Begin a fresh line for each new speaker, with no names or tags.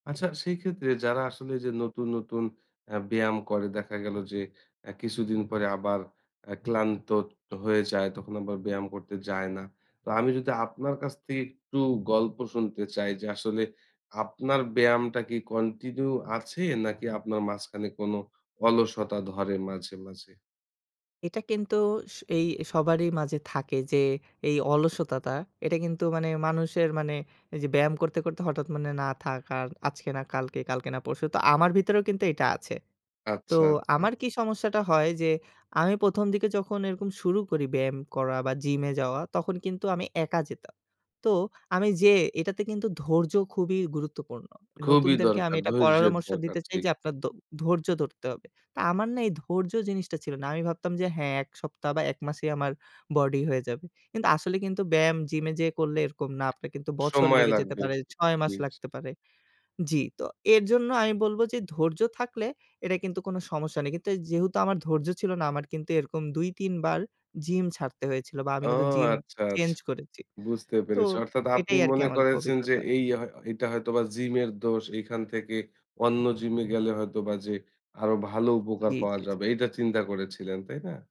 আচ্ছা সেই ক্ষেত্রে, যারা আসলে যে নতুন, নতুন, আ ব্যায়াম করে দেখা গেল যে আ কিছুদিন পরে আবার আ ক্লান্ত হয়ে যায় তখন আবার ব্যায়াম করতে যায় না। তো আমি যদি আপনার কাছ থেকে একটু গল্প শুনতে চাই যে, আসলে আপনার ব্যায়ামটা কি কন্টিনিউ আছে নাকি আপনার মাঝখানে কোন অলসতা ধরে মাঝে, মাঝে?
এটা কিন্তু, এই সবারই মাঝে থাকে যে এই অলসতাটা এটা কিন্তু মানে মানুষের মানে এই যে ব্যায়াম করতে, করতে, হঠাৎ মনে হয় না থাক আর আজকে না কালকে, কালকে না পরশু। তো আমার ভিতরেও কিন্তু এটা আছে। তো
আচ্ছা, আচ্ছা।
আমার কি সমস্যাটা হয় যে আমি ১ম দিকে যখন এরকম শুরু করি ব্যায়াম করা বা জিমে যাওয়া, তখন কিন্তু আমি একা যেতাম। তো আমি যেয়ে এটাতে কিন্তু ধৈর্য খুবই গুরুত্বপূর্ণ।
খুবই
নতুনদেরকে আমি
দরকার,
এটা
ধৈর্যের
পরামর্শ
দরকার,
দিতে চাই
ঠিক।
যে আপনার ধ ধৈর্য ধরতে হবে। তো আমার না এই ধৈর্য জিনিসটা ছিল না। আমি ভাবতাম যে হ্যাঁ ১ সপ্তাহ বা ১ মাসেই আমার বডি হয়ে যাবে। কিন্তু আসলে কিন্তু ব্যায়াম জিমে যেয়ে করলে এরকম না আপনার কিন্তু বছর
সময়
লেগে যেতে
লাগবে।
পারে। ৬ মাস
জি।
লাগতে পারে জি। তো এরজন্য আমি বলব যে ধৈর্য থাকলে এটা কিন্তু কোন সমস্যা নেই। কিন্তু যেহেতু আমার ধৈর্য ছিল না আমার কিন্তু এরকম ২, ৩ বার জিম ছাড়তে হয়েছিল। বা আমি
ও
কিন্তু জিম
আচ্ছা আস
চেঞ্জ করেছি।
বুঝতে
তো
পেরেছি। অর্থাৎ আপনি
এটাই আরকি
মনে
আমার
করেছেন যে
অভিজ্ঞতা।
এই হ হয়তো এইটা হয়তো বা জিমের দোষ এখান থেকে অন্য জিমে গেলে হয়তো বা যে আরোও ভালো উপকার
জি,
পাওয়া
জি।
যাবে। এটা চিন্তা করেছিলেন, তাই না?